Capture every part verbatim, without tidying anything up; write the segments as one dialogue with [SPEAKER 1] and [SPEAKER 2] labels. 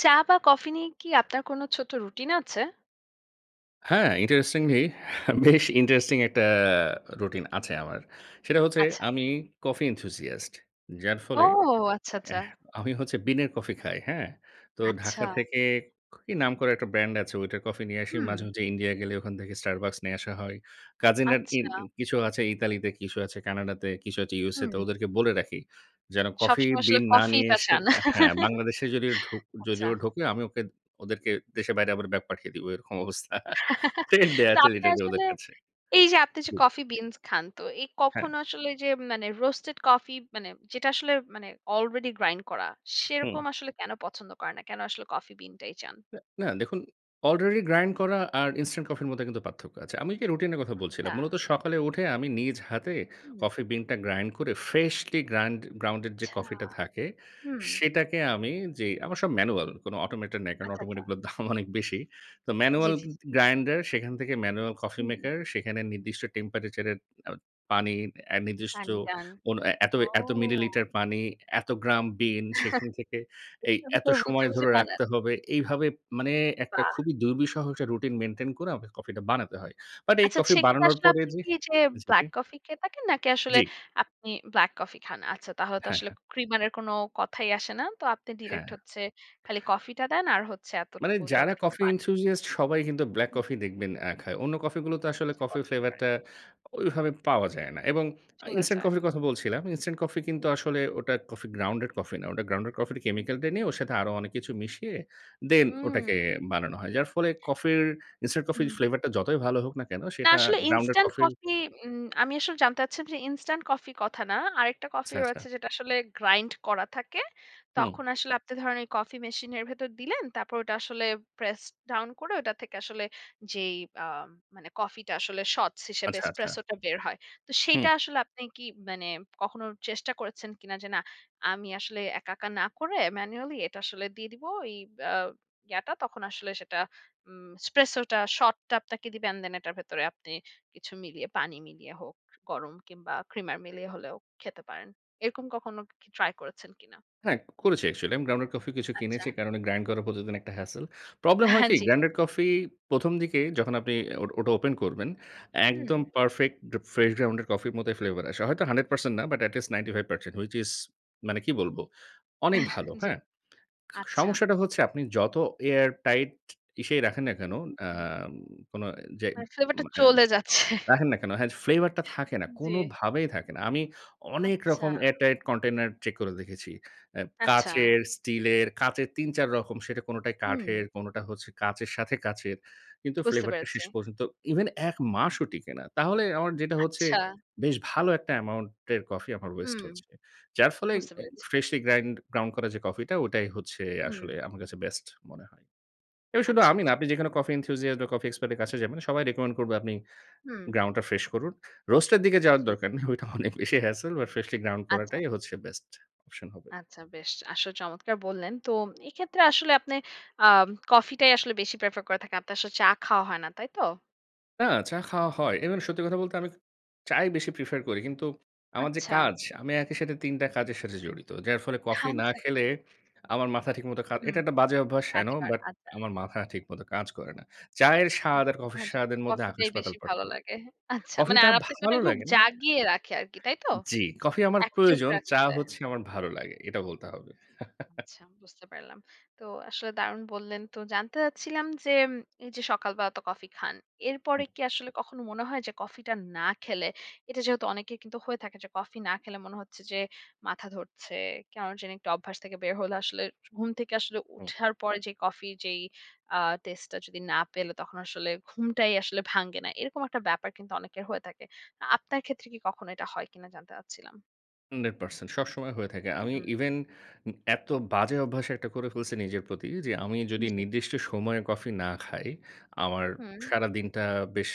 [SPEAKER 1] চা বা কফি নিয়ে কি, আপনার কোনো ছোট্ট রুটিন আছে?
[SPEAKER 2] হ্যাঁ। ইন্টারেস্টিংলি বেশ ইন্টারেস্টিং একটা রুটিন আছে আমার। সেটা হচ্ছে
[SPEAKER 1] আচ্ছা।
[SPEAKER 2] আমি কফি এনথুসিয়াস্ট। যার
[SPEAKER 1] ও
[SPEAKER 2] ফলে
[SPEAKER 1] আচ্ছা, আচ্ছা।
[SPEAKER 2] অ্যাহ আমি হচ্ছে বিনের কফি খাই। হ্যাঁ? তো
[SPEAKER 1] আচ্ছা।
[SPEAKER 2] ঢাকা থেকে, কি নাম করা একটা ব্র্যান্ড আছে, ওইটার কফি নিয়ে আসি। মাঝে,
[SPEAKER 1] হুম।
[SPEAKER 2] মাঝে ইন্ডিয়া গেলে ওখান থেকে Starbucks নিয়ে আসা হয়। কাজিনরা ইন
[SPEAKER 1] আচ্ছা।
[SPEAKER 2] কিছু আছে ইতালিতে, কিছু আছে কানাডাতে, কিছু আছে USA তে,
[SPEAKER 1] হুম।
[SPEAKER 2] ওদেরকে বলে রাখি। যেন কফি
[SPEAKER 1] সবসময় আসলে
[SPEAKER 2] বিন না
[SPEAKER 1] কফি
[SPEAKER 2] নিয়ে
[SPEAKER 1] টা
[SPEAKER 2] এসে
[SPEAKER 1] চান।
[SPEAKER 2] অ্যা হ্যাঁ। বাংলাদেশে যদিও ঢো
[SPEAKER 1] আচ্ছা।
[SPEAKER 2] যদিও ঢোকে। আমি ওকে ওদেরকে দেশের বাইরে আবার ব্যাক পাঠিয়ে দিব। এরকম অবস্থা। থ্রেট দেয়া
[SPEAKER 1] তো
[SPEAKER 2] আছে
[SPEAKER 1] আপনি
[SPEAKER 2] লিটারেল্লি ওদের
[SPEAKER 1] আসলে,
[SPEAKER 2] কাছে।
[SPEAKER 1] এই যে আপনি যে
[SPEAKER 2] হুম।
[SPEAKER 1] কফি বিনস খান। তো এই
[SPEAKER 2] হ্যাঁ।
[SPEAKER 1] কখনো আসলে যে, মানে রোস্টেড কফি মানে যেটা আসলে মানে আলরেডি গ্রাইন্ড করা।
[SPEAKER 2] হুম।
[SPEAKER 1] সেরকম আসলে কেন পছন্দ করেন না? কেন আসলে কফি বিন টাই চান?
[SPEAKER 2] এ না। দেখুন, আলরেডি গ্রাইন্ড করা আর ইনস্ট্যান্ট কফির মধ্যে কিন্তু পার্থক্য আছে। আমি যে রুটিন এর কথা বলছিলাম।
[SPEAKER 1] আচ্ছা।
[SPEAKER 2] মূলত সকালে উঠে আমি নিজ হাতে,
[SPEAKER 1] হু।
[SPEAKER 2] কফি বিন টা গ্রাইন্ড করে, ফ্রেশলি গ্রাইন্ড গ্রাউনডেড যে
[SPEAKER 1] আচ্ছা।
[SPEAKER 2] কফি টা থাকে।
[SPEAKER 1] হু।
[SPEAKER 2] সেটাকে আমি যে, আমার সব ম্যানুয়াল। কোনো অটোমেটেড নেই। কারণ
[SPEAKER 1] আচ্ছা, আচ্ছা।
[SPEAKER 2] অটোমেটেড গুলোর দাম অনেক বেশি। তো
[SPEAKER 1] জ্বি,
[SPEAKER 2] ম্যানুয়াল
[SPEAKER 1] জ্বি,
[SPEAKER 2] গ্য
[SPEAKER 1] জ্বি।
[SPEAKER 2] গ্য গ্রাইন্ডার, সেখান থেকে ম্যানুয়াল কফি
[SPEAKER 1] হুম।
[SPEAKER 2] মেকার। সেখানে নির্দিষ্ট টেম্পারেচার এর এ পানি, অ্যা নির্দিষ্ট
[SPEAKER 1] পানি পান।
[SPEAKER 2] কোন এত
[SPEAKER 1] ও।
[SPEAKER 2] এত মিলিলিটার পানি, এত গ্রাম বিন, সেখান থেকে
[SPEAKER 1] এ
[SPEAKER 2] এই
[SPEAKER 1] রকম
[SPEAKER 2] এত
[SPEAKER 1] করে বুঝে
[SPEAKER 2] সময়
[SPEAKER 1] বুঝে
[SPEAKER 2] ধরে
[SPEAKER 1] বানান।
[SPEAKER 2] রাখতে হবে। এইভাবে, মানে একটা
[SPEAKER 1] বাহ!
[SPEAKER 2] খুবই দুর্বিষহ যে রুটিন মেইনটেইন করে আমাকে কফি টা বানাতে হয়। বাট এই
[SPEAKER 1] আচ্ছা।
[SPEAKER 2] কফি
[SPEAKER 1] সেক্ষেত্রে
[SPEAKER 2] বানানোর
[SPEAKER 1] আসলে
[SPEAKER 2] পরে
[SPEAKER 1] আপনি
[SPEAKER 2] যে
[SPEAKER 1] কি যে,
[SPEAKER 2] আচ্ছা। জি।
[SPEAKER 1] ব্লাক কফি খেয়ে থাকেন? নাকি আসলে,
[SPEAKER 2] জ্বি।
[SPEAKER 1] আপনি ব্লাক কফি খান। আচ্ছা। তাহলে তো
[SPEAKER 2] হ্যাঁ,
[SPEAKER 1] আসলে
[SPEAKER 2] হ্যাঁ।
[SPEAKER 1] ক্রিমারের এর কোনো কথাই আসে না। তো আপনি ডিরেক্ট
[SPEAKER 2] হ্যাঁ।
[SPEAKER 1] হচ্ছে খালি কফি টা দেন। আর হচ্ছে
[SPEAKER 2] মানে।
[SPEAKER 1] এতটুকু,
[SPEAKER 2] যারা
[SPEAKER 1] যতটুকু
[SPEAKER 2] কফি
[SPEAKER 1] পানি।
[SPEAKER 2] এনথুসিয়াস্ট সবাই কিন্তু ব্লাক
[SPEAKER 1] হু।
[SPEAKER 2] কফি দেখবেন অ্যা খায়। অন্য কফি গুলো তো আসলে
[SPEAKER 1] বেশি
[SPEAKER 2] কফি
[SPEAKER 1] পছন্দ
[SPEAKER 2] ফ্লেভার
[SPEAKER 1] করে।
[SPEAKER 2] টা ওইভাবে পাওয়া যায় না। এবং আ
[SPEAKER 1] চলে
[SPEAKER 2] ইনস্টান্ট
[SPEAKER 1] যায়।
[SPEAKER 2] কফির কথা বলছিলাম। ইনস্টান্ট কফি কিন্তু,
[SPEAKER 1] হু।
[SPEAKER 2] আসলে ওটা কফি গ্রাউন্ডেড কফি না। ওটা গ্রাউন্ডেড কফির কেমিক্যাল টা নিয়ে, ওর সাথে আরো অনেক কিছু মিশিয়ে, দেন
[SPEAKER 1] হু উ।
[SPEAKER 2] ওটাকে বানানো হয়। যার ফলে কফির, ইনস্টান্ট কফির
[SPEAKER 1] হু।
[SPEAKER 2] ফ্লেভার টা যতই ভালো হোক না কেন,
[SPEAKER 1] না।
[SPEAKER 2] সেটা
[SPEAKER 1] আসলে
[SPEAKER 2] গ্রাউন্ডেড
[SPEAKER 1] ইনস্টান্ট
[SPEAKER 2] কফির
[SPEAKER 1] কফি উম আমি আসলে জানতে চাচ্ছিলাম যে, ইনস্টান্ট কফি কথা না, আরেকটা কফি
[SPEAKER 2] আচ্ছা, আচ্ছা।
[SPEAKER 1] রয়েছে যেটা আসলে গ্রাইন্ড করা থাকে।
[SPEAKER 2] হুম।
[SPEAKER 1] তখন আসলে আপনি ধরুন ওই কফি মেশিন এর ভেতরে দিলেন, তারপর ওটা আসলে প্রেস ডাউন করে, ওটা থেকে আসলে যেই আ মানে কফি টা আসলে সটস হিসেবে
[SPEAKER 2] আচ্ছা, আচ্ছা।
[SPEAKER 1] এসপ্রেসো টা বের হয়। তো সেইটা
[SPEAKER 2] হুঁ।
[SPEAKER 1] আসলে আপনি কি মানে কখনো চেষ্টা করেছেন কিনা? যে "না, আমি আসলে একা, একা না করে ম্যানুয়ালি। এটা আসলে দিয়ে দেব ঐ আ ইয়াটা। তখন আসলে সেটা উম এসপ্রেসোটা সট টা আপনাকে দিবেন এটার ভেতরে, আপনি কিছু মিলিয়ে পানি মিলিয়ে হোক, গরম কিংবা ক্রিমার মিলিয়ে হলেও খেতে পারেন। এরকম কখনো কি ট্রাই করেছেন কিনা?
[SPEAKER 2] হ্যাঁ। করেছি অ্যাকচুয়ালি আমি গ্রাউন্ডেড কফি কিছু
[SPEAKER 1] আচ্ছা।
[SPEAKER 2] কিনেছি। কারণ গ্রাইন্ড করে প্রতিদিন একটা হ্যাসেল। প্রবলেম হয়
[SPEAKER 1] হ্যাঁ,
[SPEAKER 2] কি?
[SPEAKER 1] জ্বি।
[SPEAKER 2] গ্রাউন্ডেড কফি প্রথম দিকে যখন আপনি ও ওটা ওপেন করবেন,
[SPEAKER 1] হুম।
[SPEAKER 2] একদম পারফেক্ট ফ্রেশ গ্রাউন্ডেড কফির মতোই ফ্লেভার আসে। হয়তো হানড্রেড পারসেন্ট না but at least ninety five percent which is মানে, কি বলব? অনেক ভালো।
[SPEAKER 1] জ্বি।
[SPEAKER 2] হ্যাঁ?
[SPEAKER 1] আচ্ছা।
[SPEAKER 2] সমস্যাটা হচ্ছে আপনি যত এয়ার টাইট ইসেই রাখেন না
[SPEAKER 1] হু,
[SPEAKER 2] কোন,
[SPEAKER 1] হু, হু।
[SPEAKER 2] অ্যাম কোন যে
[SPEAKER 1] মানে ফ্লেভার টা
[SPEAKER 2] হ্যাঁ।
[SPEAKER 1] চলে যাচ্ছে।
[SPEAKER 2] রাখেন না কেন হ্যাঁ ফ্লেভার টা থাকে না।
[SPEAKER 1] জি।
[SPEAKER 2] কোনভাবেই থাকে না। আমি অনেক
[SPEAKER 1] আচ্ছা।
[SPEAKER 2] রকম এয়ার টাইট কন্টেইনার চেক করে দেখেছি। অ্যা
[SPEAKER 1] আচ্ছা।
[SPEAKER 2] কাচের, স্টিলের, কাঁচের তিন-চার রকম সেটা কোনটাই
[SPEAKER 1] হুম।
[SPEAKER 2] কাঠের, কোনোটা হচ্ছে কাঁচের সাথে কাচের। কিন্তু
[SPEAKER 1] বুঝতে
[SPEAKER 2] ফ্লেভার টা
[SPEAKER 1] পেরেছি।
[SPEAKER 2] শেষ পর্যন্ত ইভেন এক মাসও টিকে না। তাহলে আমার যেটা হচ্ছে,
[SPEAKER 1] আচ্ছা।
[SPEAKER 2] বেশ ভালো একটা অ্যামাউন্ট এর কফি আমার ওয়েস্ট
[SPEAKER 1] হুম।
[SPEAKER 2] হচ্ছে। যার ফলে
[SPEAKER 1] বুঝতে
[SPEAKER 2] এই
[SPEAKER 1] পেরেছি।
[SPEAKER 2] ফ্রেশলি গ্রাইন্ড গ্রাউন্ড করা যে কফি টা, ওটাই হচ্ছে আসলে
[SPEAKER 1] হুম।
[SPEAKER 2] আমার কাছে বেস্ট মনে হয়। এবার শুধু
[SPEAKER 1] আচ্ছা।
[SPEAKER 2] আমি
[SPEAKER 1] বুঝতে
[SPEAKER 2] না, আপনি যেখানে কফি এনথুসিয়াস্ট বা কফি এক্সপার্ট এর কাছে যাবেন, সবাই রেকমেন্ড করবে, আপনি
[SPEAKER 1] হুম।
[SPEAKER 2] গ্রাউন্ড টা ফ্রেশ করুন। রোস্ট এর দিকে যাওয়ার
[SPEAKER 1] জি।
[SPEAKER 2] দরকার নেই। ঐটা অনেক বেশি hassle but freshly ground
[SPEAKER 1] আচ্ছা।
[SPEAKER 2] করাটাই হচ্ছে বেস্ট অপশন হবে।
[SPEAKER 1] আচ্ছা বেশ। আসলে চমৎকার বললেন। তো এক্ষেত্রে আসলে আপনি আ কফি টাই আসলে বেশি প্রেফার করে থাকেন। আপনার আসলে চা খাওয়া হয় না। তাই তো?
[SPEAKER 2] না, চা খাওয়া হয়। ইভেন সত্যি কথা বলতে, আমি চাই বেশি প্রেফার করি। কিন্তু আমার যে
[SPEAKER 1] আচ্ছা।
[SPEAKER 2] কাজ আমি একই সাথে তিন টা কাজের সাথে জড়িত, যার ফলে কফি না
[SPEAKER 1] হাঞ্চা।
[SPEAKER 2] খেলে, আমার মাথা ঠিকমত কাজ
[SPEAKER 1] হু।
[SPEAKER 2] এটা একটা বাজে অভ্যাস, আই নো।
[SPEAKER 1] আচ্ছা,
[SPEAKER 2] বাট
[SPEAKER 1] আচ্ছা।
[SPEAKER 2] আমার মাথা ঠিকমত কাজ করে না। চায়ের স্বাদ আর কফির
[SPEAKER 1] [unintelligible]
[SPEAKER 2] স্বাদের মধ্যে
[SPEAKER 1] কফিটাই
[SPEAKER 2] আকাশ-পাতাল
[SPEAKER 1] বেশি ভালো
[SPEAKER 2] পার্থক্য।
[SPEAKER 1] লাগে। হ্যাঁ, আচ্ছা, মানে
[SPEAKER 2] কফিটা
[SPEAKER 1] আর আপনাকে ওটা
[SPEAKER 2] ভালো
[SPEAKER 1] খুব
[SPEAKER 2] লাগে না
[SPEAKER 1] জাগিয়ে রাখে আরকি, তাই তো?
[SPEAKER 2] জ্বি, কফি আমার
[SPEAKER 1] অ্যাকটিভ
[SPEAKER 2] প্রয়োজন। চা
[SPEAKER 1] রাখতে।
[SPEAKER 2] হচ্ছে আমার ভালো লাগে। এটা বলতে হবে।
[SPEAKER 1] আচ্ছা, বুঝতে পারলাম। তো আসলে, দারুণ বললেন। তো জানতে চাচ্ছিলাম যে, এইযে সকালবেলা তো কফি খান, এরপরে
[SPEAKER 2] হুম।
[SPEAKER 1] কি আসলে কখনো মনে হয় যে, কফিটা না খেলে, এটা যেহেতু অনেকের কিন্তু হয়ে থাকে, যে কফি না খেলে মনে হচ্ছে যে, মাথা ধরছে। কেন জানি একটা অভ্যাস থেকে বের হলে আসলে স ঘুম থেকে আসলে
[SPEAKER 2] হুম।
[SPEAKER 1] ওঠার পরে যে কফির যেই আ টেস্টটা যদি না পেলে, তখন আসলে ঘুমটাই আসলে ভাঙ্গে না। এরকম একটা ব্যাপার কিন্তু অনেকের হয়ে থাকে। আ আপনার ক্ষেত্রে কি কখনো এটা হয় কিনা? জানতে চাচ্ছিলাম।
[SPEAKER 2] Hundred percent, সবসময় হয়ে থাকে। আমি
[SPEAKER 1] হুম।
[SPEAKER 2] ইভেন উ এত বাজে অভ্যাস একটা করে ফেলছি নিজের প্রতি যে, আমি যদি
[SPEAKER 1] জী।
[SPEAKER 2] নির্দিষ্ট সময়ে কফি না খাই, আমার
[SPEAKER 1] হুম।
[SPEAKER 2] সারাদিনটা বেশ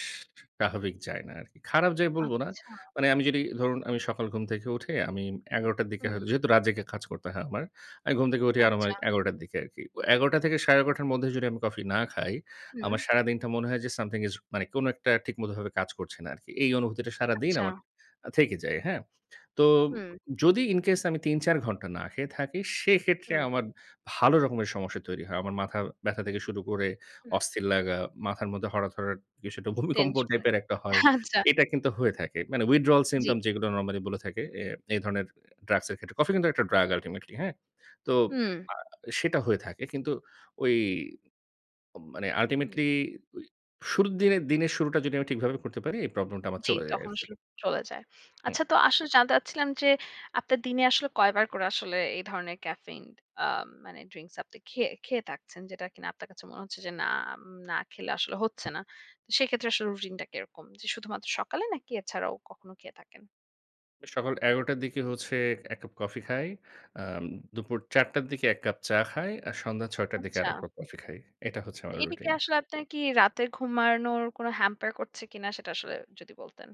[SPEAKER 2] স্বাভাবিক যায় না আরকি। খারাপ যায় বলবো না।
[SPEAKER 1] আচ্ছা।
[SPEAKER 2] মানে আমি যদি ধরুন আমি সকাল ঘুম থেকে উঠে আমি এগারো টার দিকে
[SPEAKER 1] হুম।
[SPEAKER 2] হয়তো যেহেতু রাত জেগে কাজ করতে হয় আমার, আমি ঘুম থেকে উঠি
[SPEAKER 1] আচ্ছা।
[SPEAKER 2] আনুমানিক এগারো টার দিকে আরকি। অ এগারোটা থেকে সাড়ে এগারোটা র মধ্যে যদি আমি কফি না খাই,
[SPEAKER 1] হুম।
[SPEAKER 2] আমার সারাদিনটা মনে হয় যে, something is মানে কোনো একটা ঠিকমতভাবে কাজ করছে না আরকি। এই অনুভূতিটা সারাদিন
[SPEAKER 1] আচ্ছা।
[SPEAKER 2] আমার আ থেকে যায়, হ্যাঁ? তো
[SPEAKER 1] হুম।
[SPEAKER 2] যদি incase আমি তিন-চার ঘন্টা না খেয়ে থাকি, সেক্ষেত্রে
[SPEAKER 1] হুম।
[SPEAKER 2] আমার ভালো রকমের সমস্যা তৈরি হয়। আমার মাথা ব্যাথা থেকে শুরু করে
[SPEAKER 1] হুম।
[SPEAKER 2] অস্থির লাগা, মাথার মধ্যে হঠাৎ, হঠাৎ বেশ একটা ভূমিকম্প
[SPEAKER 1] টেনশনে।
[SPEAKER 2] টাইপের একটা হয়।
[SPEAKER 1] আচ্ছা।
[SPEAKER 2] এটা কিন্তু হয়ে থাকে। মানে, withdrawal
[SPEAKER 1] জী।
[SPEAKER 2] symptomps যেগুলো নরমালি বলে থাকে, এ এই ধরনের ড্রাগসের ক্ষেত্রে কফি কিন্তু একটা ড্রাগ, আল্টিমেটলি, হ্যাঁ? তো
[SPEAKER 1] হুম।
[SPEAKER 2] আ সেটা হয়ে থাকে। কিন্তু ওই অ মানে
[SPEAKER 1] হুম।
[SPEAKER 2] আল্টিমেটলি, ঐ শুরুর দিনের দিনের শুরুটা যদি আমি ঠিকভাবে করতে পারি, এই প্রবলেমটা আমার
[SPEAKER 1] জী,
[SPEAKER 2] চলে যায়
[SPEAKER 1] তখন
[SPEAKER 2] আরকি।
[SPEAKER 1] আসলে চলে যায়।
[SPEAKER 2] হুম।
[SPEAKER 1] আচ্ছা, তো আসলে জানতে চাচ্ছিলাম যে, আপনার দিনে আসলে কয়বার করে আসলে এই ধরনের ক্যাফেইন আ মানে ড্রিংকস আপনি খেয়ে খেয়ে থাকছেন? যেটা কিনা আপনার কাছে মনে হচ্ছে যে নাম না খেলে আসলে হচ্ছে না। তো সেক্ষেত্রে আসলে রুটিনটা কেরকম? যে শুধুমাত্র সকালে নাকি, এছাড়াও কখনো খেয়ে থাকেন?
[SPEAKER 2] সকাল এগারো টার দিকে হচ্ছে এক কাপ কফি খাই। আম দুপুর চার টার দিকে এক কাপ চা খায়। আর সন্ধ্যা ছয় টার দিকে
[SPEAKER 1] আচ্ছা।
[SPEAKER 2] আরেকবার কাপ কফি খাই। এটা হচ্ছে আমার
[SPEAKER 1] এটা কি
[SPEAKER 2] রুটিন।
[SPEAKER 1] আসলে আপনার কি রাতে ঘুমারনোর কোন hamper করছে কিনা? সেটা আসলে যদি বলতেন।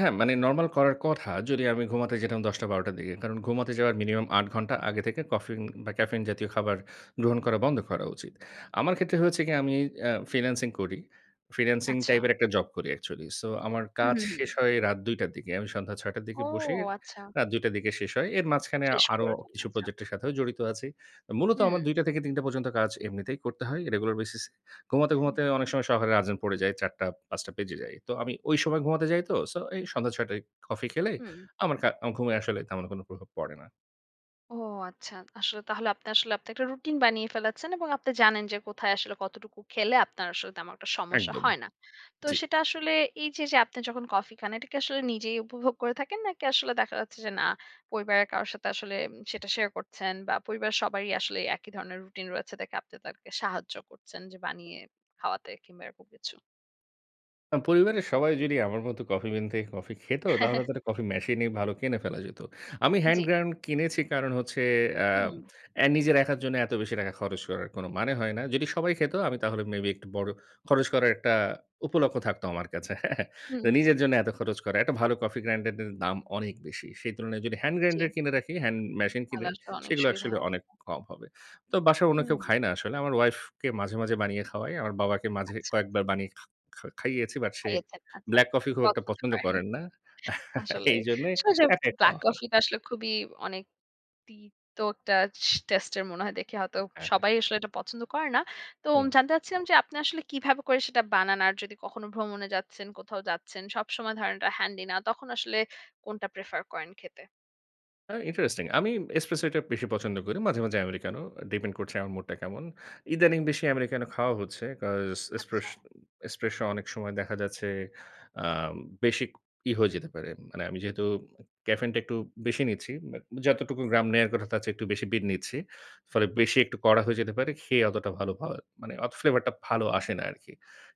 [SPEAKER 2] হ্যাঁ, মানে নরমাল করার কথা। যদি আমি ঘুমাতে যেতাম দশ টা, বারো টার দিকে। কারণ ঘুমাতে যাওয়ার মিনিমাম আট ঘন্টা আগে থেকে কফিন বা, ক্যাফেইন জাতীয় খাবার গ্রহণ করা বন্ধ করা উচিত। আমার ক্ষেত্রে হয়েছে কি? আমি এ ফ্রিল্যান্সিং করি। ফ্রিল্যান্সিং
[SPEAKER 1] আচ্ছা।
[SPEAKER 2] টাইপের একটা জব করি একচুয়ালি। সো আমার
[SPEAKER 1] হুম,
[SPEAKER 2] কাজ
[SPEAKER 1] হুম, হুম।
[SPEAKER 2] শেষ হয় রাত দুই টার দিকে। আমি সন্ধ্যা ছয় টার দিকে বসে
[SPEAKER 1] ওহ! আচ্ছা।
[SPEAKER 2] রাত দুই টার দিকে শেষ হয়। এর মাঝখানে আ
[SPEAKER 1] শেষ
[SPEAKER 2] আরো
[SPEAKER 1] করে ঘুমান,
[SPEAKER 2] কিছু
[SPEAKER 1] আচ্ছা।
[SPEAKER 2] প্রজেক্টের সাথেও জড়িত আছি। মূলত আমার
[SPEAKER 1] হুম।
[SPEAKER 2] এ দুই টা থেকে তিন টা পর্যন্ত কাজ এমনিতেই করতে হয়। রেগুলার বেসিসে। ঘুমাতে
[SPEAKER 1] হুহ
[SPEAKER 2] ঘুমাতে অনেক সময় শহরে আজান পড়ে যায়। চার টা, পাঁচ টা বেজে যায়। তো আমি ঐ সময় ঘুমাতে যাই তো? সো এই সন্ধ্যা ছয় টায় কফি খেলে
[SPEAKER 1] হুম।
[SPEAKER 2] আমার কা আমার ঘুমে আসলে তেমন কোন প্রভাব পড়ে না।
[SPEAKER 1] ও, আচ্ছা। আসলে তাহলে আপনি আসলে আপনি একটা রুটিন বানিয়ে ফেলেছেন এবং আপনি জানেন যে কোথায় আসলে কতটুকু খেলে আপনার আসলে তেমন একটা সমস্যা
[SPEAKER 2] একদম।
[SPEAKER 1] হয় না। তো
[SPEAKER 2] জ্বি।
[SPEAKER 1] সেটা আসলে এইযে যে আপনি যখন কফি খান, এটা কি আসলে নিজেই উপভোগ করে থাকেন? নাকি আসলে দেখা যাচ্ছে যে, না, পরিবারের কারোর সাথে আসলে সেটা শেয়ার করছেন বা, পরিবারের সবারই আসলে এই একই ধরনের রুটিন রয়েছে, দেখে আপনি তাদেরকে সাহায্য করছেন যে বানিয়ে খাওয়াতে কিংবা এরকম কিছু?
[SPEAKER 2] আ পরিবারের সবাই যদি আমার মতো কফি বিনতে কফি খেতো, তাহলে তো একটা কফি মেশিন ই ভালো কিনে ফেলা যেতো। আমি
[SPEAKER 1] আ
[SPEAKER 2] হ্যান্ড
[SPEAKER 1] জি।
[SPEAKER 2] গ্রাইন্ড কিনেছি, কারণ হচ্ছে আ
[SPEAKER 1] হুম।
[SPEAKER 2] অ্যা নিজের একার জন্য এতো বেশি টাকা খরচ করার, কোন মানে হয় না। যদি সবাই খেতো, আমি তাহলে মেবি একটু বড় খরচ করার একটা উপলক্ষ্য থাকতো আমার কাছে। হ্যাঁ?
[SPEAKER 1] হুম।
[SPEAKER 2] তো নিজের জন্য এতো খরচ করা। একটা ভালো কফি গ্রাইন্ডার দের দাম অনেক বেশি। সেই তুলনায় যদি হ্যান্ড
[SPEAKER 1] জি।
[SPEAKER 2] গ্রাইন্ডার কিনে রাখি হ্যান্ড মেশিন
[SPEAKER 1] তাহলে
[SPEAKER 2] কিনি
[SPEAKER 1] আসলে অনেক
[SPEAKER 2] সেগুলো
[SPEAKER 1] সুবিধা
[SPEAKER 2] একচুয়ালি
[SPEAKER 1] হ
[SPEAKER 2] অনেক কম হবে। তো বাসায় অন্য কেউ
[SPEAKER 1] হুম।
[SPEAKER 2] খায় না, আসলে আমার ওয়াইফ কে মাঝে, মাঝে বানিয়ে খাওয়াই। আমার বাবাকে মাঝে
[SPEAKER 1] আচ্ছা।
[SPEAKER 2] কয়েকবার বানিয়ে খা খা খাইয়েছি। বাট সে
[SPEAKER 1] খাইয়েছেন। আচ্ছা।
[SPEAKER 2] ব্লাক কফি খুব একটা
[SPEAKER 1] পছন্দ
[SPEAKER 2] পছন্দ
[SPEAKER 1] করেনি।
[SPEAKER 2] করেন না
[SPEAKER 1] আসলেই,
[SPEAKER 2] এইজন্য
[SPEAKER 1] আলসে যে
[SPEAKER 2] একাই
[SPEAKER 1] ব্লাক
[SPEAKER 2] খাওয়া হয়।
[SPEAKER 1] কফি টা আসলে খুবই অনেক তিতো একটা স টেস্ট এর মনে হয় দেখে হয়তো
[SPEAKER 2] হ্যাঁ, হ্যাঁ।
[SPEAKER 1] সবাই আসলে এটা পছন্দ করে না। তো
[SPEAKER 2] হুম।
[SPEAKER 1] জানতে চাচ্ছিলাম যে, আপনি আসলে কিভাবে করে সেটা বানান? আর যদি কখনো ভ্রমণে যাচ্ছেন, কোথাও যাচ্ছেন, সবসময় ধরেন ওটা হ্যান্ডি না। তখন আসলে কোনটা প্রেফার করেন খেতে?
[SPEAKER 2] আ ইন্টারেস্টিং আমি এসপ্রেসোটা বেশি পছন্দ করি। মাঝে, মাঝে আমেরিকানো ডিপেন্ড করছে আমার মুড টা কেমন। ইদানিং বেশি আমেরিকানো খাওয়া হচ্ছে। কজ এস্প্রেশ
[SPEAKER 1] আচ্ছা।
[SPEAKER 2] এসপ্রেসো অনেক সময় দেখা যাচ্ছে, আ বেশি ই হয়ে যেতে পারে। মানে আমি যেহেতু ক্যাফেইন টা একটু বেশি নিচ্ছি, বাট যতটুকু গ্রাম নেওয়ার কথা তার চেয়ে একটু বেশি বিন নিচ্ছি। ফলে বেশি একটু কড়া হয়ে যেতে পারে। খেয়ে অতটা ভালো অ মানে অ ফ্লেভার টা ভালো আসে না আরকি।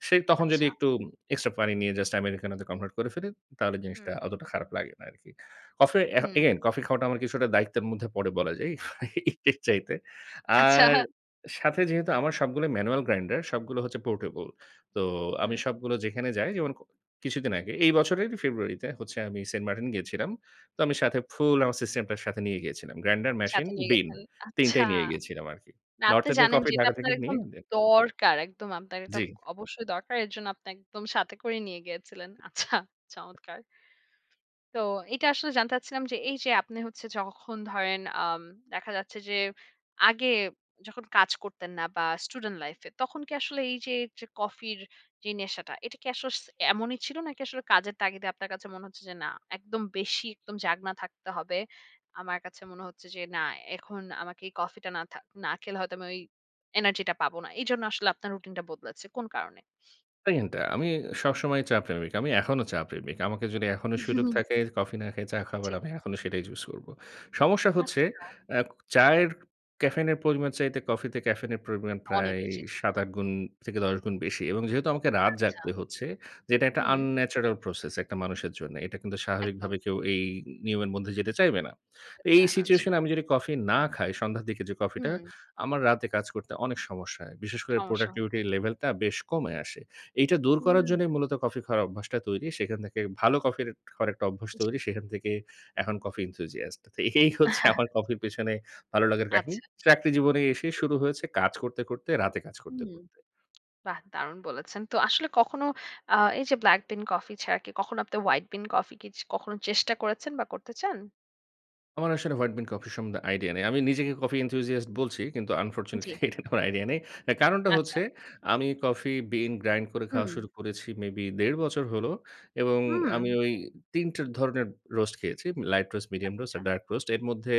[SPEAKER 2] সে তখন যদি
[SPEAKER 1] আচ্ছা।
[SPEAKER 2] একটু এক্সট্রা পানি নিয়ে জাস্ট আমেরিকানোতে কনভার্ট করে ফেলি তাহলে জিনিসটা
[SPEAKER 1] হুম।
[SPEAKER 2] অতটা খারাপ লাগে না আরকি। অফ এ
[SPEAKER 1] হুম।
[SPEAKER 2] এগেইন কফি খাওয়াটা আমার কিছুটা দায়িত্বের মধ্যে পরে বলা যায়, ইফ এর চাইতে।
[SPEAKER 1] আচ্ছা।
[SPEAKER 2] আর সাথে যেহেতু আমার সবগুলো ম্যানুয়াল গ্রাইন্ডার সবগুলো হচ্ছে পোর্টেবল, তো আমি
[SPEAKER 1] হুম।
[SPEAKER 2] সবগুলো যেখানে যাই, যেমন কো কিছুদিন আগে এই বছরেরই ফেব্রুয়ারিতে হচ্ছে আমি সেন্ট মার্টিন গিয়েছিলাম। তো আমি সাথে ফুল আমার সে সিস্টেম সাথে নিয়ে গিয়েছিলাম। গ্রাইন্ডার, মেশিন,
[SPEAKER 1] সাথে নিয়ে
[SPEAKER 2] বিন,
[SPEAKER 1] গেছেন।
[SPEAKER 2] তিন
[SPEAKER 1] আচ্ছা।
[SPEAKER 2] টাই নিয়ে গিয়েছিলাম, আরকি।
[SPEAKER 1] না,
[SPEAKER 2] North
[SPEAKER 1] আপনি
[SPEAKER 2] End এর
[SPEAKER 1] জানেন
[SPEAKER 2] কফি
[SPEAKER 1] যে, এটা
[SPEAKER 2] ঢাকা থেকে
[SPEAKER 1] আপনার
[SPEAKER 2] নিয়ে
[SPEAKER 1] একদম
[SPEAKER 2] দে
[SPEAKER 1] দরকার। একদম আপনার এটা
[SPEAKER 2] জি।
[SPEAKER 1] অবশ্যই দরকার। এর জন্য আপনি একদম সাথে করে নিয়ে গিয়েছিলেন। আচ্ছা, চমৎকার তো এটা আসলে জানতে চাচ্ছিলাম যে, এই যে আপনি হচ্ছে যখন ধরেন আম দেখা যাচ্ছে যে, আগে যখন কাজ করতেন না, বা স্টুডেন্ট লাইফ এ তখন কি আসলে এইযে, যে কফির যে নেশাটা এটা কি আসলে স এমনই ছিল? নাকি আসলে কাজের তাগিদে আপনার কাছে মনে হচ্ছে যে, না একদম বেশি একদম জাগনা থাকতে হবে, আমার কাছে মনে হচ্ছে যে, না এখন আমাকে এই কফিটা না থা না খেলে, হয়তো আমি ঐ এনার্জি টা পাবো না? এই জন্যে আসলে আপনার রুটিন টা বদলেছে? কোন কারণে?
[SPEAKER 2] পেইন টা আমি সবসময়ই চা প্রেমিক। আমি এখনো চা প্রেমিক। আমাকে যদি এখনো সুযোগ থাকে কফি না খায়ে চা খাবার
[SPEAKER 1] ঠিক।
[SPEAKER 2] আমি এখনো সেটাই চুজ করবো। সমস্যা হচ্ছে
[SPEAKER 1] আচ্ছা।
[SPEAKER 2] অ্যা ক চায়ের ক্যাফেইনের পরিমাণ চাইতে কফিতে ক্যাফেইনের পরিমাণ প্রায়
[SPEAKER 1] অনেক
[SPEAKER 2] এই
[SPEAKER 1] বেশি। জি।
[SPEAKER 2] সাত থেকে আট গুণ থেকে দশ গুণ বেশি এবং যেহেতু আমাকে রাত
[SPEAKER 1] আচ্ছা।
[SPEAKER 2] জাগতে হচ্ছে, যেটা একটা
[SPEAKER 1] হুম।
[SPEAKER 2] আনন্যাচারাল প্রসেস একটা মানুষের জন্য, এটা কিন্তু স্বাভাবিকভাবে
[SPEAKER 1] একদম।
[SPEAKER 2] কেউ এই নিয়মের মধ্যে যেতে চাইবে না।
[SPEAKER 1] যেতে
[SPEAKER 2] এই
[SPEAKER 1] চায় না, জি।
[SPEAKER 2] সিচুয়েশন এ আমি যদি কফি না খাই, সন্ধ্যার দিকে যে কফিটা
[SPEAKER 1] হুম।
[SPEAKER 2] আমার রাতে কাজ করতে অনেক সমস্যা হয়। বিশেষ করে
[SPEAKER 1] সমস্যা হ
[SPEAKER 2] প্রোডাক্টিভিটির লেভেল টা বেশ কমে আসে। এইটা দূর করার
[SPEAKER 1] হুম।
[SPEAKER 2] জন্যই মূলত কফি খাওয়ার অভ্যাসটা তৈরি। সেখান থেকে ভালো কফির ট খাওয়ার একটা অভ্যাস
[SPEAKER 1] জি।
[SPEAKER 2] তৈরি। সেখান থেকে এখন কফি এন্থুসিয়াস্ট এই হচ্ছে আমার কফির পেছনে ভালো লাগার কাহিনী।
[SPEAKER 1] আচ্ছা।
[SPEAKER 2] চাকরি জীবনে এসে
[SPEAKER 1] জি।
[SPEAKER 2] শুরু হয়েছে, কাজ করতে, করতে রাতে কাজ করতে,
[SPEAKER 1] হুম,
[SPEAKER 2] করতে।
[SPEAKER 1] বাহ! দারুণ বলেছেন। তো আসলে কখনো আ এই যে ব্লাক বিন কফি ছাড়া কি কখনো আপনি হোয়াইট বিন কফি কিচ কখনো চেষ্টা করেছেন বা করতে চান?
[SPEAKER 2] আমার আসলে হোয়াইট বিন কফি সম্বন্ধে আইডিয়া নাই। আমি নিজেকে কফি এনথুসিয়াস্ট বলছি কিন্তু, আনফরচুনেটলি
[SPEAKER 1] জি।
[SPEAKER 2] এটার কোন আইডিয়া নাই। এ কারণটা
[SPEAKER 1] আচ্ছা।
[SPEAKER 2] হচ্ছে, আমি কফি বিন গ্রাইন্ড করে খাওয়া
[SPEAKER 1] হুম।
[SPEAKER 2] শুরু করেছি, মেবি দেড় বছর হলো এবং
[SPEAKER 1] হুম।
[SPEAKER 2] আমি ওই তিন টের ধরনের রোস্ট খেয়েছি। লাইট রোস্ট, মিডিয়াম রোস্ট
[SPEAKER 1] আচ্ছা।
[SPEAKER 2] আর ডার্ক রোস্ট। এর মধ্যে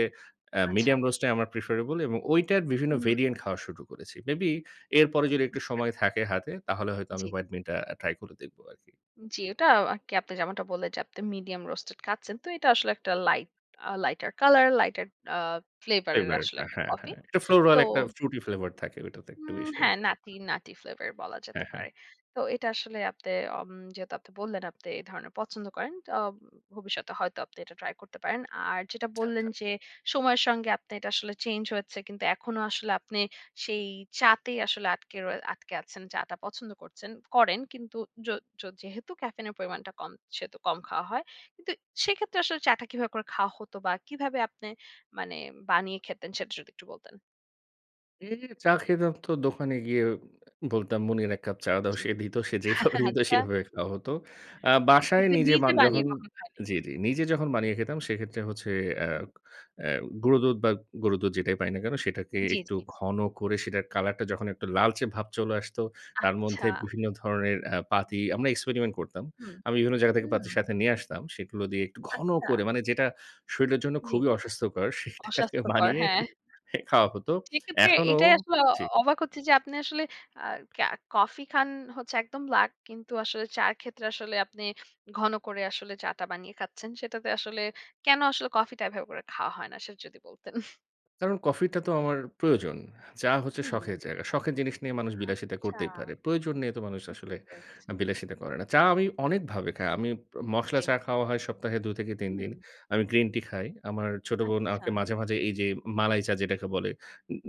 [SPEAKER 2] আ
[SPEAKER 1] আচ্ছা।
[SPEAKER 2] মিডিয়াম রোস্ট টাই আমার প্রেফারেবল এবং ঐটার বিভিন্ন
[SPEAKER 1] হুম।
[SPEAKER 2] ভেরিয়েন্ট খাওয়া শুরু করেছি, মেবি এরপরে যদি একটু
[SPEAKER 1] বুঝতে পেরেছি।
[SPEAKER 2] সময় থাকে হাতে, তাহলে হয়তো আমি
[SPEAKER 1] জি।
[SPEAKER 2] হোয়াইট বিনটা ট্রাই করে দেখব আর কি।
[SPEAKER 1] জি। ওটাও আ কি আপনি যেমনটা বললেন যে, আপনি মিডিয়াম রোস্ট খাচ্ছেন। তো এটা আসলে একটা light uh lighter colour, lighter uh flavour এর আসলে
[SPEAKER 2] ফ্লেভারটা,
[SPEAKER 1] একটা
[SPEAKER 2] হ্যাঁ,
[SPEAKER 1] কফি।
[SPEAKER 2] হ্যাঁ। একটা ফ্লোরাল
[SPEAKER 1] তো
[SPEAKER 2] একটা ফ্রুটি ফ্লেভার থাকে ওটাতে একটু
[SPEAKER 1] উম
[SPEAKER 2] বেশি আর
[SPEAKER 1] হ্যাঁ,
[SPEAKER 2] কি।
[SPEAKER 1] নাটি, নাটি ফ্লেভার বলা যেতে
[SPEAKER 2] হ্যাঁ, হ্যাঁ।
[SPEAKER 1] পারে। তো এটা আসলে আপনি অম যেহেতু আপনি বললেন আপনি এ ধরনের পছন্দ করেন। তা ভবিষ্যতে হয়তো আপনি এটা ট্রাই করতে পারেন। আর যেটা
[SPEAKER 2] আচ্ছা,
[SPEAKER 1] বললেন
[SPEAKER 2] আচ্ছা।
[SPEAKER 1] যে, সময়ের সঙ্গে আপনে এটা আসলে চেঞ্জ হয়েছে। কিন্তু এখনো আসলে আপনি সেই চা'তেই আসলে আটকে রয়ে আটকে আছেন। চা'টা পছন্দ করছেন করেন; কিন্তু য য যেহেতু ক্যাফেইন এর পরিমাণটা কম, সেহেতু কম খাওয়া হয়। কিন্তু সেক্ষেত্রে আসলে চা'টা কিভাবে করে খাওয়া হতো, বা কিভাবে আপনি মানে বানিয়ে খেতেন, সেটা যদি একটু বলতেন?
[SPEAKER 2] উম চা খেতাম তো দোকানে গিয়ে। উ বলতাম, "মনির এক কাপ চা দাও।"
[SPEAKER 1] জি।
[SPEAKER 2] সে দিত। সে
[SPEAKER 1] হা
[SPEAKER 2] যেইভাবে দিত,
[SPEAKER 1] আচ্ছা।
[SPEAKER 2] সেভাবে খাওয়া হতো। আ বাসায়
[SPEAKER 1] কিন্তু
[SPEAKER 2] নিজে
[SPEAKER 1] নিজে
[SPEAKER 2] বান
[SPEAKER 1] বানিয়ে
[SPEAKER 2] যখন
[SPEAKER 1] কখন খায়নি।
[SPEAKER 2] জি, জি। নিজে যখন বানিয়ে খেতাম, সেক্ষেত্রে হচ্ছে এ
[SPEAKER 1] হুম।
[SPEAKER 2] এ গুড়ো দুধ বা, গরুর দুধ, যেটাই পাই না কেন? সেটাকে
[SPEAKER 1] জি,
[SPEAKER 2] একটু
[SPEAKER 1] জি।
[SPEAKER 2] ঘন করে সেটার কালারটা যখন একটু লালচে ভাব চলে আসতো, তার
[SPEAKER 1] আচ্ছা।
[SPEAKER 2] মধ্যে বিভিন্ন ধরনের আ পাতি আমরা এক্সপেরিমেন্ট করতাম।
[SPEAKER 1] হুম,
[SPEAKER 2] আমি বিভিন্ন জায়গা থেকে
[SPEAKER 1] হুম।
[SPEAKER 2] পাতি সাথে নিয়ে আসতাম। সেগুলো দিয়ে একটু ঘন
[SPEAKER 1] আচ্ছা।
[SPEAKER 2] করে মানে যেটা শরীরের জন্য
[SPEAKER 1] জি।
[SPEAKER 2] খুবই অস্বাস্থ্যকর, সেটাকে
[SPEAKER 1] অস্বাস্থ্যকর,
[SPEAKER 2] বানিয়ে
[SPEAKER 1] হ্যাঁ।
[SPEAKER 2] খাওয়া হতো।
[SPEAKER 1] সেক্ষেত্রে
[SPEAKER 2] এখনো
[SPEAKER 1] এটাই আসলে অ
[SPEAKER 2] জি।
[SPEAKER 1] অবাক হচ্ছি যে আপনি আসলে আ কা কফি খান হচ্ছে একদম ব্ল্যাক। কিন্তু আসলে চায়ের ক্ষেত্রে আসলে আপনি ঘন করে আসলে চা টা বানিয়ে খাচ্ছেন। সেটাতে আসলে কেন আসলে কফিটা এভাবে করে খাওয়া হয় না? সেটা যদি বলতেন।
[SPEAKER 2] কারণ, কফিটা তো আমার প্রয়োজন। চা হচ্ছে শখের
[SPEAKER 1] হুম।
[SPEAKER 2] জায়গা। শখের জিনিস নিয়ে মানুষ বিলাসিতা
[SPEAKER 1] আচ্ছা।
[SPEAKER 2] করতেই পারে। প্রয়োজন নিয়ে তো মানুষ
[SPEAKER 1] বুঝতে
[SPEAKER 2] আসলে
[SPEAKER 1] পেরেছি।
[SPEAKER 2] আ বিলাসিতা করে না। চা আমি অনেকভাবে খাই। আমি প মসলা
[SPEAKER 1] জি।
[SPEAKER 2] চা খাওয়া হয় সপ্তাহে দু থেকে তিন দিন।
[SPEAKER 1] হুম।
[SPEAKER 2] আমি গ্রিন টি খাই। আমার ছোট বোন
[SPEAKER 1] আচ্ছা।
[SPEAKER 2] আমাকে মাঝে, মাঝে এইযে উম মালাই চা যেটাকে বলে,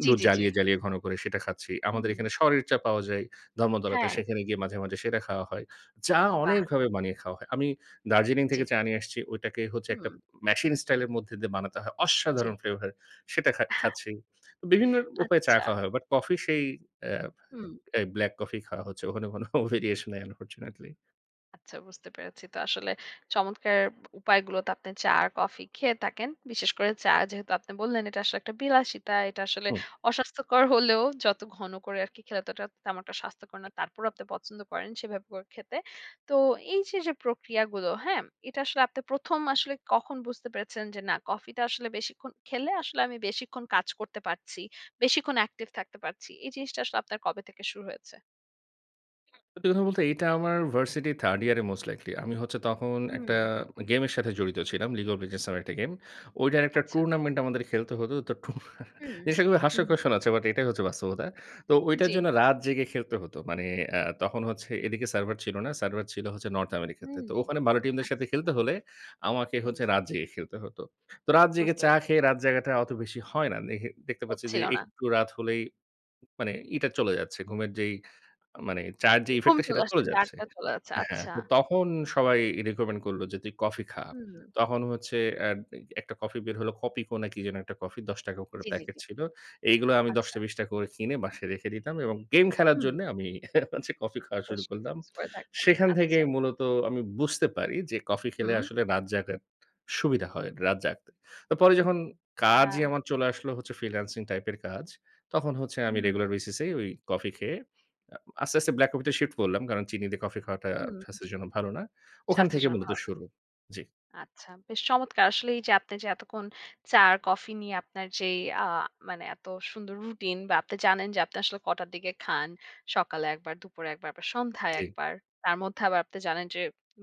[SPEAKER 1] জি,
[SPEAKER 2] দুধ
[SPEAKER 1] জি, জি।
[SPEAKER 2] জ্বালিয়ে, জ্বালিয়ে ঘন করে সেটা খাচ্ছি। আমাদের
[SPEAKER 1] হুম।
[SPEAKER 2] এখানে সরের চা পাওয়া যায় ধর্মতলাতে।
[SPEAKER 1] হ্যাঁ।
[SPEAKER 2] সেখানে গিয়ে মাঝে, মাঝে সেটা খাওয়া হয়। চা
[SPEAKER 1] বাহ!
[SPEAKER 2] অনেকভাবে বানিয়ে খাওয়া হয়। আমি দার্জিলিং থেকে
[SPEAKER 1] জি।
[SPEAKER 2] চা নিয়ে আসছি। ঐটাকে হচ্ছে একটা
[SPEAKER 1] হুম।
[SPEAKER 2] উম মেশিন স্টাইলের মধ্যে দিয়ে বানাতে হয়।
[SPEAKER 1] জি।
[SPEAKER 2] অসাধারণ ফ্লেভার। সেটা খা খাচ্ছি। বিভিন্ন উপায়ে চা
[SPEAKER 1] আচ্ছা।
[SPEAKER 2] খাওয়া হয়। বাট কফি সেই এ
[SPEAKER 1] হুম।
[SPEAKER 2] এ ব্ল্যাক কফিই খাওয়া হচ্ছে। ওখানে কোন ভেরিয়েশান নাই আনফরচুনেটলি।
[SPEAKER 1] আচ্ছা, বুঝতে পেরেছি। তো আসলে চমৎকার ব উপায়গুলোতে আপনি চা আর কফি খেয়ে থাকেন। বিশেষ করে চা যেহেতু আপনি বললেন এটা আসলে একটা বিলাসিতা। এটা আসলে
[SPEAKER 2] হুম।
[SPEAKER 1] অস্বাস্থ্যকর হলেও যত ঘন করে আরকি খেলে অতটা তেমন একটা স্বাস্থ্যকর না,
[SPEAKER 2] [unintelligible]
[SPEAKER 1] তারপরও আপনি পছন্দ করেন সেভাবে করে খেতে। তো এইযে যে প্রক্রিয়াগুলো, হ্যাঁ? এটা আসলে আপনি প্রথম আসলে কখন বুঝতে পেরেছেন যে না কফিটা আসলে বেশিক্ষণ খেলে আসলে আমি বেশিক্ষণ কাজ করতে পারছি। বেশিক্ষণ অ্যাকটিভ থাকতে পারছি। এই জিনিসটা আসলে আপনার কবে থেকে শুরু হয়েছে?
[SPEAKER 2] সত্যি কথা বলতে এটা আমার ভার্সিটি থার্ড ইয়ারে মোস্ট লাইকলি। আমি হচ্ছে তখন একটা
[SPEAKER 1] হুম।
[SPEAKER 2] আ গেমের সাথে জড়িত ছিলাম। 'League of Legends' নামের একটা গেম। ওইটার একটা
[SPEAKER 1] আচ্ছা।
[SPEAKER 2] টুর্নামেন্ট আমাদের খেলতে হত। তো টুর্না
[SPEAKER 1] হুম,
[SPEAKER 2] জিনিসটা খুবই
[SPEAKER 1] হুম।
[SPEAKER 2] হাস্যকর শুনাচ্ছে, বাট এটাই হচ্ছে বাস্তবতা। তো ঐটার
[SPEAKER 1] জ্বি।
[SPEAKER 2] জন্য রাত জেগে খেলতে হত। মানে অ্যা তখন হচ্ছে এদিকে সার্ভার ছিল না। সার্ভার ছিল হচ্ছে নর্থ আমেরিকাতে।
[SPEAKER 1] হুম।
[SPEAKER 2] তো ওখানে ভালো টিমদের সাথে
[SPEAKER 1] আচ্ছা।
[SPEAKER 2] খেলতে হলে, আমাকে
[SPEAKER 1] হুম।
[SPEAKER 2] হচ্ছে রাত জেগে খেলতে হত। তো রাত জেগে
[SPEAKER 1] বুঝতে
[SPEAKER 2] চা খেয়ে, রাত জাগাটা অত বেশি হয় না। দেখে দেখতে পাচ্ছি যে,
[SPEAKER 1] হচ্ছিল না।
[SPEAKER 2] একটু রাত হলেই মানে ইটা চলে যাচ্ছে। ঘুমের যেই মানে চায়ের যে
[SPEAKER 1] অ ঘুম
[SPEAKER 2] ইফেক্ট টা,
[SPEAKER 1] চলে
[SPEAKER 2] সেটা চলে
[SPEAKER 1] আসতেছে।
[SPEAKER 2] যাচ্ছে।
[SPEAKER 1] আটটা চলে যাচ্ছে।
[SPEAKER 2] হ্যা,
[SPEAKER 1] আচ্ছা।
[SPEAKER 2] তো তখন সবাই রিকমেন্ড করল যে, "তুই কফি খা।"
[SPEAKER 1] হুম।
[SPEAKER 2] তখন হচ্ছে এড এ একটা কফি বের হলো Kopiko না কি যেন একটা কফি? দশ টাকা করে
[SPEAKER 1] জ্বি, জ্বি,
[SPEAKER 2] প্যাকেট
[SPEAKER 1] জ্বি।
[SPEAKER 2] ছিল। এগুলো আমি দশ টা
[SPEAKER 1] আচ্ছা।
[SPEAKER 2] বিশ টাকা করে কিনে বাসায় রেখে দিতাম, এবং গেম খেলার
[SPEAKER 1] হুম।
[SPEAKER 2] জন্যে আমি হচ্ছে, কফি খাওয়া শুরু
[SPEAKER 1] বেশ
[SPEAKER 2] করলাম।
[SPEAKER 1] কিছু করে থাকতেন।
[SPEAKER 2] সেখান
[SPEAKER 1] আচ্ছা।
[SPEAKER 2] থেকেই মূলত আমি বুঝতে পারি যে, কফি খেলে
[SPEAKER 1] হুম।
[SPEAKER 2] আসলে রাত জাগার সুবিধা হয়। রাত জাগতে। তো পরে যখন কাজই
[SPEAKER 1] হ্যাঁ।
[SPEAKER 2] আমার চলে আসলো হচ্ছে, ফ্রিল্যান্সিং টাইপের কাজ তখন হচ্ছে আমি
[SPEAKER 1] হুম।
[SPEAKER 2] রেগুলার বেসিস এ ওই কফি খেয়ে, আ আস্তে, আস্তে ব্লাক কফিতে শিফট করলাম। কারণ চিনি দিয়ে কফি খাওয়াটা
[SPEAKER 1] হুম।
[SPEAKER 2] স্বাস্থ্যের জন্য ভালো না। ওখান
[SPEAKER 1] স্বাস্থ্যের
[SPEAKER 2] থেকে
[SPEAKER 1] জন্য
[SPEAKER 2] মূলত
[SPEAKER 1] ভালো না।
[SPEAKER 2] শুরু। জ্বি।
[SPEAKER 1] আচ্ছা। বেশ চমৎকার! আসলে এইযে আপনে যে এতক্ষণ চা আর কফি নিয়ে আপনার যেই আ মানে এত সুন্দর রুটিন, বা আপনে জানেন যে, আপনে আসলে কটার দিকে খান। সকালে একবার, দুপুরে একবার বা সন্ধ্যায়
[SPEAKER 2] জ্বি।
[SPEAKER 1] একবার। তার মধ্যে আবার আপনি জানেন যে,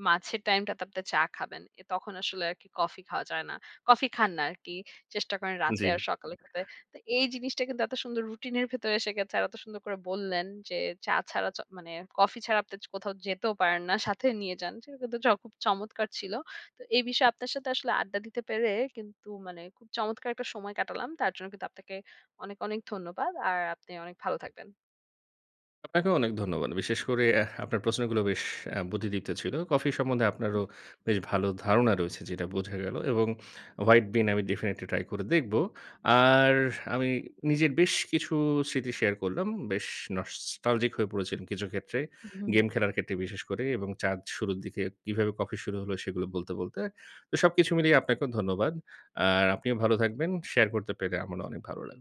[SPEAKER 1] মাঝের টাইমটাতে আপনি চা খাবেন। এ তখন আসলে আরকি কফি খাওয়া যায় না। কফি খান না আরকি। চেষ্টা করেন রাতে
[SPEAKER 2] জ্বি।
[SPEAKER 1] আর সকালে খেতে। তো এই জিনিসটা কিন্তু এত সুন্দর রুটিনের ভেতরে এসে গেছে। আর এত সুন্দর করে বললেন যে চা ছাড়া চ মানে কফি ছাড়া আপনি জ কোথাও যেতেও পারেন না। সাথে নিয়ে যান। সেটা কিন্তু জ খুব চমৎকার ছিল! তো এই বিষয়ে আপনার সাথে আসলে আড্ডা দিতে পেরে কিন্তু মানে খুব চমৎকার একটা সময় কাটালাম! তার জন্য কিন্তু আপনাকে অনেক, অনেক ধন্যবাদ। আর আপনি অনেক ভালো থাকবেন।
[SPEAKER 2] আপনাকেও অনেক ধন্যবাদ। বিশেষ করে এহ আপনার প্রশ্নগুলো বেশ অ্যা বুদ্ধিদীপ্ত ছিল। কফি সম্বন্ধে
[SPEAKER 1] উ
[SPEAKER 2] আপনারও বেশ ভালো ধারণা রয়েছে, যেটা বোঝা গেলো এবং হোয়াইট বিন আমি ডেফিনিটলি ট্রাই করে দেখব। আর আমি নিজের বেশ কিছু স্মৃতি শেয়ার করলাম। বেশ নস্টালজিক হয়ে পড়েছি কিছু ক্ষেত্রে।
[SPEAKER 1] হুম, হুম।
[SPEAKER 2] গেম খেলার ক্ষেত্রে বিশেষ করে এবং চাঁদ শুরুর দিকে কীভাবে কফি শুরু হলো, সেগুলো বলতে, বলতে। তো সবকিছু মিলিয়ে আপনাকেও ধন্যবাদ। আর আপনিও ভালো থাকবেন, শেয়ার করতে পেরে আমারও অনেক ভালো লাগ